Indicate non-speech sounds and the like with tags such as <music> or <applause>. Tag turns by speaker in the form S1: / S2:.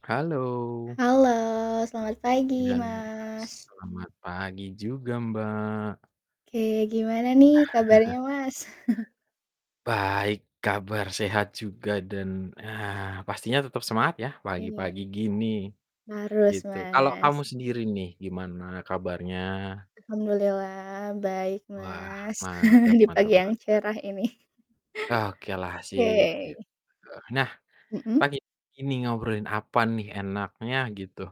S1: Halo.
S2: Halo, selamat
S1: Iya,
S2: pagi
S1: bener mas.
S2: Mas.
S1: Selamat pagi juga Mbak.
S2: Oke, gimana nih kabarnya
S1: <chuckles>
S2: Mas? <chuckles>
S1: Baik, kabar sehat juga dan, ah, pastinya tetep semangat ya
S2: Iya.
S1: pagi-pagi gini,
S2: Harus,
S1: gitu. Kalau kamu
S2: Mas.
S1: sendiri nih gimana kabarnya?
S2: Alhamdulillah baik,
S1: Wah,
S2: Mas.
S1: mantap
S2: <chuckles> Di
S1: mantap
S2: pagi yang
S1: mantap.
S2: cerah ini. <chuckles>
S1: Okelah sip, gitu.
S2: Oke.
S1: Nah,
S2: Mhm?
S1: pagi ini ngobrolin apa nih enaknya gitu?